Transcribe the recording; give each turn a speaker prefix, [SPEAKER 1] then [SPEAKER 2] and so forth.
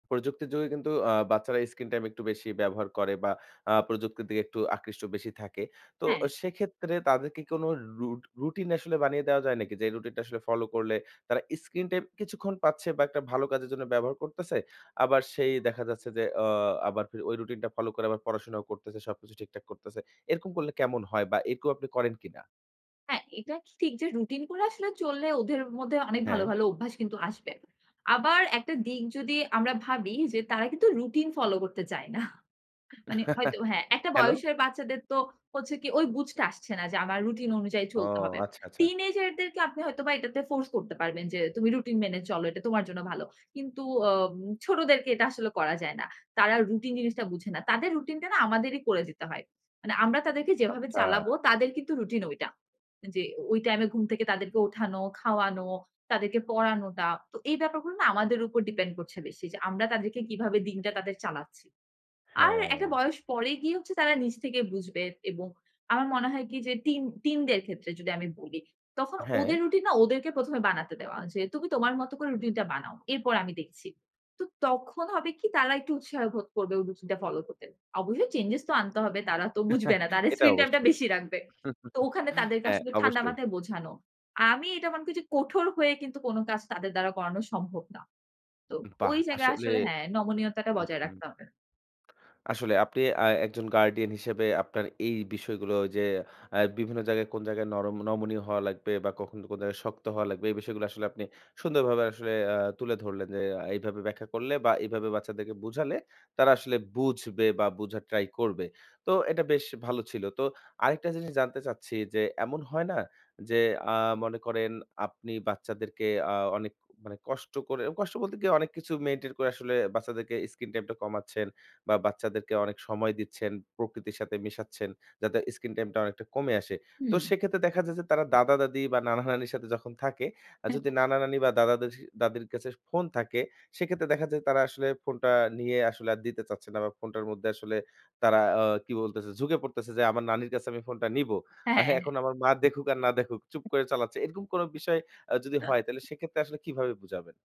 [SPEAKER 1] প্রযুক্তির যোগে কিন্তু আ বাচ্চারা স্ক্রিন টাইম একটু বেশি ব্যবহার করে বা আ প্রযুক্তির দিকে একটু আকৃষ্ট বেশি থাকে। তো
[SPEAKER 2] হ্যাঁ।
[SPEAKER 1] সেক্ষেত্রে তাদের কি কোন রু রু রুটিন আসলে বানিয়ে দেওয়া যায় নাকি? যে এই রুটিন টা আসলে ফলো করলে তারা স্ক্রিন টাইম কিছুক্ষণ পাচ্ছে বা একটা ভালো কাজের জন্য ব্যবহার করতেছে। আবার সেই দেখা যাচ্ছে যে আ আবার ফির ওই রুটিন টা ফলো করে আবার পড়াশোনাও করতেছে। সবকিছু ঠিকঠাক করতেছে। এরকম করলে কেমন হয় বা এরকমও আপনি করেন কিনা?
[SPEAKER 2] হ্যাঁ। এটা ঠিক যে রুটিন করে আসলে চললে ওদের মধ্যে অনেক ভালো,
[SPEAKER 1] হ্যাঁ।
[SPEAKER 2] ভালো অভ্যাস কিন্তু আসবে। আবার একটা দিক যদি আমরা ভাবি যে তারা কিন্তু রুটিন ফলো করতে চায় না। মানে হয়তো হ্যাঁ, একটা
[SPEAKER 1] কেনো?
[SPEAKER 2] বয়সের বাচ্চাদের তো হচ্ছে কি ঐ বুঝতে আসছে না যে আমার রুটিন অনুযায়ী
[SPEAKER 1] ও,
[SPEAKER 2] চলতে হবে।
[SPEAKER 1] আচ্ছা, আচ্ছা।
[SPEAKER 2] টিনেজের দেরকে আপনি হয়তো বা এটাতে ফোর্স করতে পারবেন যে তুমি রুটিন মেনে চল। এটা তোমার জন্য ভালো। কিন্তু আ ছোটদেরকে এটা আসলে করা যায় না। তারা রুটিন জিনিসটা বুঝে না। তাদের রুটিন টা না আমাদেরই করে দিতে হয়। মানে আমরা তাদেরকে যেভাবে
[SPEAKER 1] আচ্ছা।
[SPEAKER 2] চালাবো তাদের কিন্তু রুটিন ওইটা। যে ওই টাইমে ঘুম থেকে তাদেরকে উঠানো, খাওয়ানো, তাদেরকে পড়ানোটা। তো এই ব্যাপারগুলো না আমাদের উপর ডিপেন্ড করছে বেশি। যে আমরা তাদেরকে কিভাবে দিনটা তাদের চালাচ্ছি। আর একটা
[SPEAKER 1] হ্যাঁ।
[SPEAKER 2] বয়স পরে গিয়ে হচ্ছে তারা নিজ থেকে বুঝবে। এবং আমার মনে হয় কি যে টিন টিনদের ক্ষেত্রে যদি আমি বলি, তখন ওদের
[SPEAKER 1] হ্যাঁ।
[SPEAKER 2] রুটিন না ওদেরকে প্রথমে বানাতে দেওয়া যে তুমি তোমার মত করে রুটিন টা বানাও। এরপর আমি দেখছি। তো তখন হবে কি তারা একটু উৎসাহ বোধ করবে ওই রুটিন টা ফলো করতে। অবশ্যই চেঞ্জেজ তো আনতে হবে। তারা তো বুঝবে না। তাদের
[SPEAKER 1] এটা
[SPEAKER 2] স্ক্রিন টাইম টা
[SPEAKER 1] অবশ্যই।
[SPEAKER 2] বেশি রাখবে। তো ওখানে তাদেরকে
[SPEAKER 1] হ্যাঁ,
[SPEAKER 2] আসলে ঠান্ডা
[SPEAKER 1] অবশ্যই।
[SPEAKER 2] মাথায় বোঝানো। আমি এটা মনে করি যে কঠোর হয়ে কিন্তু কোন কাজ তাদের দ্বারা করানো সম্ভব না। তো
[SPEAKER 1] বাহ!
[SPEAKER 2] ওই জায়গায়
[SPEAKER 1] আসলে
[SPEAKER 2] আসলে হ্যাঁ নমনীয়তাটা
[SPEAKER 1] হুম,
[SPEAKER 2] বজায়
[SPEAKER 1] হুম।
[SPEAKER 2] রাখতে হবে।
[SPEAKER 1] আসলে আপনি আ একজন গার্ডিয়ান হিসেবে আপনার এই বিষয়গুলো যে আ বিভিন্ন জায়গায় কোন জায়গায় নরম নমনীয় হওয়া লাগবে বা কখন কোন জায়গায় শক্ত হওয়া লাগবে এই বিষয়গুলো আসলে আপনি সুন্দরভাবে আসলে আ তুলে ধরলেন যে এইভাবে ব্যাখ্যা করলে বা এভাবে বাচ্চাদেরকে বুঝালে তারা আসলে বুঝবে বা বুঝার ট্রাই করবে। তো এটা বেশ ভালো ছিল। তো আরেকটা জিনিস জানতে চাচ্ছি যে এমন হয় না যে আ মনে করেন আপনি বাচ্চাদেরকে আ অনেক মানে কষ্ট করে কষ্ট বলতে গিয়ে অনেক কিছু মেইনটেইন করে আসলে বাচ্চাদেরকে স্ক্রিন টাইম টা কমাচ্ছেন বা বাচ্চাদেরকে অনেক সময় দিচ্ছেন, প্রকৃতির সাথে মেশাচ্ছেন যাতে স্ক্রিন টাইম টা অনেকটা কমে আসে। তো
[SPEAKER 2] হুম।
[SPEAKER 1] সেক্ষেত্রে দেখা যায় যে তারা দাদা-দাদি বা নানা-নানির সাথে যখন থাকে আর যদি নানা-নানি বা দাদা-দাদী, দাদীর কাছে ফোন থাকে সেক্ষেত্রে দেখা যায় তারা আসলে ফোনটা নিয়ে আসলে আর দিতে চাচ্ছে না। বা ফোনটার মধ্যে আসলে তারা আ কি বলতেছে ঝুঁকে পড়তেছে যে আমার নানির কাছে আমি ফোনটা নিবো।
[SPEAKER 2] হ্যাঁ।
[SPEAKER 1] এখন আমার মা দেখুক আর না দেখুক চুপ করে চালাচ্ছে। এরকম কোন বিষয় আ যদি হয় তাহলে সেক্ষেত্রে আসলে কিভাবে বুঝাবেন?